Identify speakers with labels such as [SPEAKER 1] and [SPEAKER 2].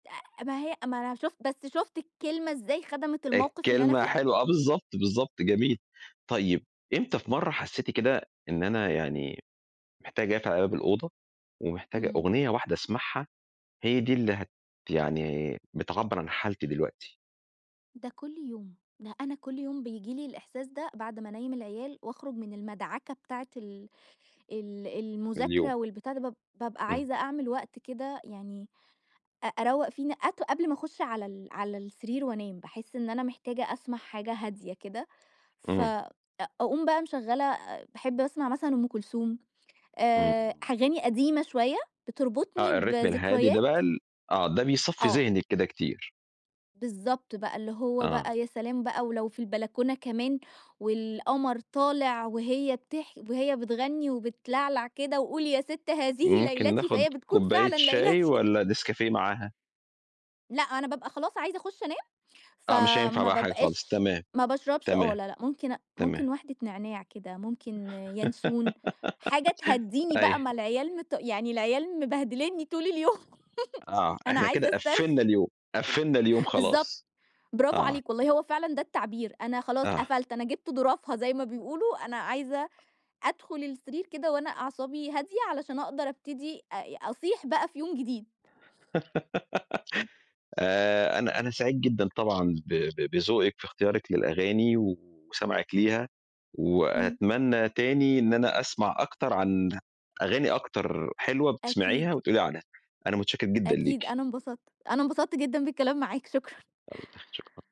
[SPEAKER 1] أ ما هي ما أنا شُفت، بس شُفت الكلمة إزاي خدَمِت الموقف اللي أنا
[SPEAKER 2] الكلمة
[SPEAKER 1] فيه؟
[SPEAKER 2] حلوة، آه بالضبط، بالضبط، جميل، طيب إمتى في مَرّة حسّيتِ كده، إن أنا يعني محتاجة أقفل عليَّ باب الأوضة، ومحتاجة
[SPEAKER 1] إمم.
[SPEAKER 2] أغنية واحدة أسمعها، هي دي اللي هت يعني بتعبّر عن حالتي دلوقتي؟
[SPEAKER 1] ده كلّ يوم، ده أنا كلّ يوم بييجي لي الإحساس ده بعد ما أنَيّم العيال، وأخرج من المدعكة بتاعة ال ال
[SPEAKER 2] اليوم.
[SPEAKER 1] المذاكرة، والبتاع ده باب بابقى
[SPEAKER 2] إمم.
[SPEAKER 1] عايزة أعمل وقت كده يعني، أ أرَوّق فيه ن أت قبل ما اخُش على ال على السرير وأنام، باحس إن أنا محتاجة أسمع حاجة هادية كده،
[SPEAKER 2] إمم.
[SPEAKER 1] فاقوم بقى مش مشغّلة، باحب أسمع مثلًا أم كلثوم، آآ
[SPEAKER 2] إمم.
[SPEAKER 1] أغاني قديمة شوية بتربطني
[SPEAKER 2] آه الRhythm الهادي ده
[SPEAKER 1] بذكريات
[SPEAKER 2] بقى ال آه ده بيصَفّي
[SPEAKER 1] آه.
[SPEAKER 2] ذهنِك كده كتير.
[SPEAKER 1] بالضبط بقى، اللي هو
[SPEAKER 2] آه.
[SPEAKER 1] بقى يا سلام بقى ولو في البلكونة كمان، والقمر طالع وهي بتح وهي بتغني وبتلعلع كده وقولي يا ست هذه
[SPEAKER 2] ممكن
[SPEAKER 1] ليلتي،
[SPEAKER 2] ناخد
[SPEAKER 1] فهي بتكون
[SPEAKER 2] كوبّاية
[SPEAKER 1] فعلًا
[SPEAKER 2] شاي
[SPEAKER 1] ليلتي.
[SPEAKER 2] والّا نسكافيه معاها؟
[SPEAKER 1] لأ، أنا بابقى خلاص عايزة اخُش أنام،
[SPEAKER 2] آه مش هينفع
[SPEAKER 1] فما
[SPEAKER 2] بقى حاجة خالص،
[SPEAKER 1] بابقاش
[SPEAKER 2] تمام،
[SPEAKER 1] ما باشربش آه
[SPEAKER 2] تمام،
[SPEAKER 1] لا لأ، ممكن أ ممكن
[SPEAKER 2] تمام.
[SPEAKER 1] واحدة نعناع كده، ممكن يانسون، حاجة تهَدّيني بقى،
[SPEAKER 2] أيوه.
[SPEAKER 1] ما العيال مت يعني العيال مبهدلينني طول اليوم،
[SPEAKER 2] آه،
[SPEAKER 1] أنا
[SPEAKER 2] إحنا كده
[SPEAKER 1] عايزة
[SPEAKER 2] قفّلنا
[SPEAKER 1] أسترخي.
[SPEAKER 2] اليوم، قفّلنا اليوم
[SPEAKER 1] بالضبط،
[SPEAKER 2] خلاص،
[SPEAKER 1] برافو
[SPEAKER 2] آه.
[SPEAKER 1] عليك، والله هو فعلًا ده التعبير، أنا خلاص
[SPEAKER 2] آه.
[SPEAKER 1] قفلت، أنا جبت ضُرفها زي ما بيقولوا، أنا عايزة أدخل السرير كده وأنا أعصابي هادية، علشان أقدَر أبتدي أ أصيح بقى في يوم جديد.
[SPEAKER 2] آآ أنا أنا سعيد جدًا طبعًا ب ب بذوقِك في اختيارِك للأغاني وسمَعِك ليها،
[SPEAKER 1] إمم.
[SPEAKER 2] وأتمنى تاني إن أنا أسمع أكتر عن أغاني أكتر حلوة
[SPEAKER 1] أكيد.
[SPEAKER 2] بتسمعيها وتقولي لي عنها. أنا متشكر جدًا
[SPEAKER 1] أكيد
[SPEAKER 2] ليكِ.
[SPEAKER 1] أنا انبسطت أنا انبسطت جدًا بالكلام معاك، شكرًا.
[SPEAKER 2] يلّا، شكرًا.